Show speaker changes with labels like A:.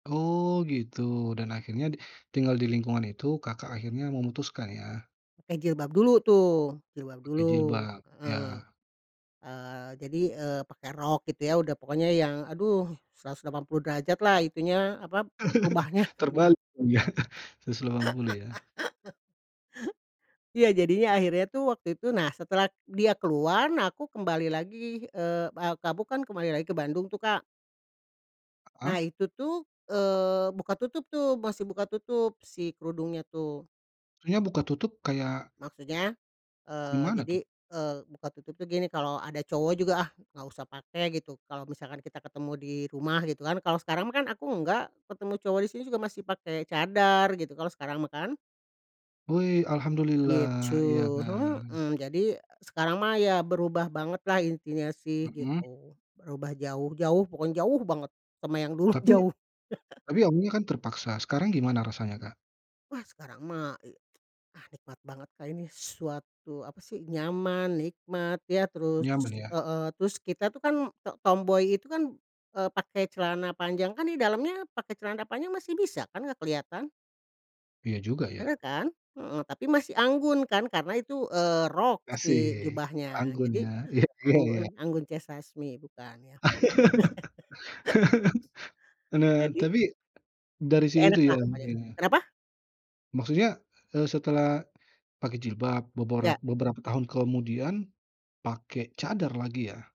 A: Oh gitu dan akhirnya d tinggal di lingkungan itu Kakak akhirnya memutuskan ya?
B: Pakai jilbab dulu tuh, jilbab
A: Pakai
B: dulu.
A: jilbab,
B: Heeh,
A: ya.
B: eee, jadi, eee, pakai rok gitu ya, udah pokoknya yang, aduh 180° lah itunya, apa, rubahnya.
A: Terbalik kali ya, 180 ya.
B: Iya, jadinya akhirnya tuh waktu itu, nah setelah dia keluar, nah aku kembali lagi, eee, a kamu kan kembali lagi ke Bandung tuh, Kak. Nah
A: Heeh.
B: itu tuh, eee, buka tutup tuh, masih buka tutup si kerudungnya tuh.
A: Maksudnya buka tutup kayak
B: Maksudnya, eee,
A: gimana
B: jadi,
A: tuh?
B: eee, buka tutup tuh gini, "Kalau ada cowok juga ah nggak usah pakai," gitu. Kalau misalkan kita ketemu di rumah gitu kan, kalau sekarang mah kan aku enggak, ketemu cowok di sini juga masih pakai cadar gitu, kalau sekarang mah kan.
A: Wei,
B: Gitu.
A: alhamdulillah, iya kan.
B: Mhm. Jadi sekarang mah ya berubah banget lah intinya sih
A: Mhm.
B: gitu. Berubah jauh jauh pokoknya jauh banget sama yang dulu,
A: Tapi
B: jauh.
A: tapi kamunya kan terpaksa, sekarang gimana rasanya, Kak?
B: Wah sekarang mah, e ah nikmat banget Kak ini suatu, apa sih, nyaman, nikmat, ya terus
A: Nyaman ya.
B: heeh, terus kita tuh kan t tomboy itu kan, eee, pakai celana panjang kan di dalamnya pakai celana panjang masih bisa kan nggak kelihatan?
A: Iya juga ya.
B: Bener kan? Mhm. Tapi masih anggun kan, karena itu, eee, rok si
A: Asik,
B: jubahnya.
A: anggun
B: Jadi,
A: ya, iya iya iya.
B: anggun Anggun C. Sasmi bukan ya?
A: Nah
B: Jadi
A: tapi, dari
B: Ya
A: situ
B: enak lah
A: ya,
B: pokoknya.
A: Iya.
B: Kenapa?
A: Maksudnya, eee, setelah pakai jilbab
B: Iya.
A: boborat beberapa tahun kemudian pakai cadar lagi ya?